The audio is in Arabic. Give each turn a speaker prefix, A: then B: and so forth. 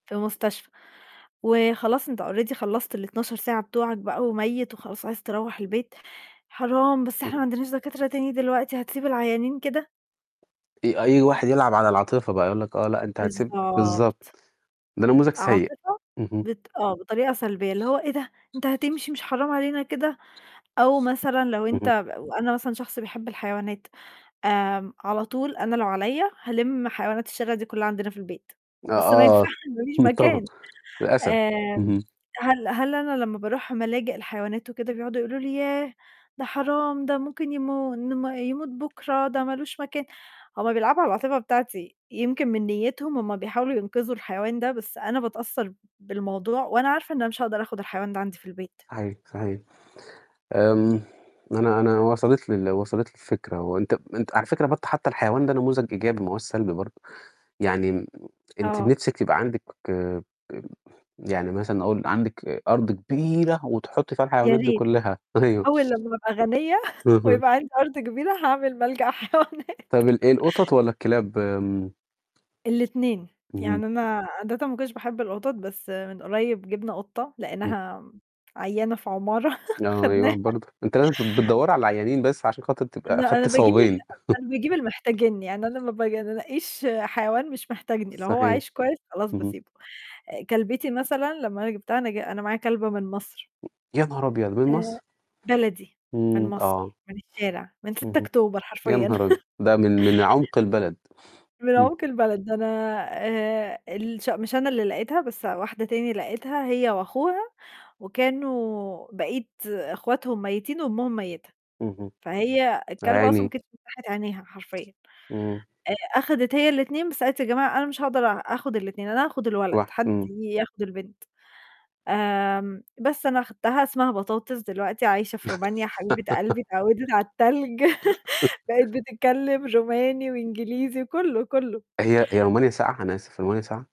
A: في المستشفى، وخلاص أنت already خلّصت ال12 ساعة بتوعك بقى، وميت وخلاص عايز تروّح البيت، "حرام، بس إحنا ما
B: إمم.
A: عندناش دكاترة تاني دلوقتي، هتسيب العيانين كده؟!"
B: أ أي واحد يلعب على العاطفة بقى، يقول لك آه لأ أنت هتسيب
A: بالضبط.
B: بالضبط. ده نموذج سيء.
A: عاطفة،
B: اهم.
A: بط آه بطريقة سلبية، اللي هو "إيه ده! أنت هتمشي مش حرام علينا كده!" أو مثلًا لو أنت
B: اهم.
A: وأنا مثلًا شخص بيحب الحيوانات آمم، على طول أنا لو عليَّ هالِم حيوانات الشارع دي كلّها عندنا في البيت،
B: أ
A: بس ما
B: آه.
A: ينفعش ما فيش مكان.
B: [unintelligible] للأسف.
A: آمم
B: إمم.
A: هل هل أنا لمّا بارُوح ملاجئ الحيوانات وكده بيقعدوا يقولوا لي "ياه! ده حرام، ده ممكن يم يموت بكرة، ده مالوش مكان." هُم بيلعبوا على العاطفة بتاعتي، يمكن من نيتهم هُم بيحاولوا ينقذوا الحيوان ده بس أنا باتأثر بالموضوع، وأنا عارفة إن أنا مش هاقدَر آخد الحيوان ده عندي في البيت.
B: صحيح، صحيح. آمم أنا أنا وصَلت لي ال وصَلت لي الفكرة وأنت أنت على فكرة برضو حتى الحيوان ده نموذج إيجابي ما هوّاش سلبي برضو، يعني أنتِ
A: آه.
B: نفْسِك يبقى عندِك يعني مثلًا أقول عندِك أرض كبيرة وتحطي فيها
A: يا
B: الحيوانات دي
A: ريت.
B: كلّها. أيوه.
A: أول لمّا أبقى غنية
B: اهم.
A: ويبقى عندي أرض كبيرة هاعمل ملجأ حيوانات.
B: طَب ال القطط والّا الكلاب؟ آمم
A: ال2،
B: اهم.
A: يعني أنا عادةً ما كنتش باحب القطط، بس من قريّب جبنا قطة
B: امم.
A: لقيناها عيّانة في عمارة
B: آه، أي
A: خدناها.
B: واحد برضو، أنتِ لازم بتدوّري على العيانين بس عشان خاطر تبقي
A: لأ، أنا
B: أخدتِ
A: باجيب ال
B: ثوابين.
A: أنا باجيب اللي محتاجني، يعني أنا ما باجي أنا أنقيّش حيوان مش محتاجني، لو هو
B: صحيح.
A: عايش كويس خلاص
B: اهم.
A: باسيبه. كلبتي مثلًا لمّا أنا جبتها أنا ج أنا معايا كلبة من مَصر.
B: يا نهار أبيض، من
A: آآ،
B: مَصر؟!
A: بلدي، من
B: إمم، آه.
A: مصر، من الشارع، من 6
B: اهم.
A: أكتوبر
B: يا
A: حرفيًا.
B: نهار أبيض! ده من من عمق البلد.
A: من
B: إمم.
A: عُمق البلد، ده أنا آآ، الش مش أنا اللي لقيتها بس واحدة تانية لقيتها هي وأخوها، وكانوا بقيت أخواتهم ميّتين وأمهم ميّتة،
B: اهم.
A: فهي
B: آه، يا
A: الكلبة أصلًا ما
B: عيني!
A: كانتش فتَّحت عينيها حرفيًا.
B: إمم.
A: آآ، أخدت هي ال2، بس قالت: "يا جماعة أنا مش هاقدر آخد ال2، أنا هاخد الولد،
B: واح
A: حد
B: إمم.
A: ياخد البنت." آمم، بس أنا خدتها اسمها بطاطس دلوقتي عايشة في رومانيا حبيبة قلبي اتعودِت على التلج، بقيت بتتكلم روماني وإنجليزي كلّه، كلّه.
B: هي هي رومانيا ساقعة، أنا آسف، هي رومانيا ساقعة؟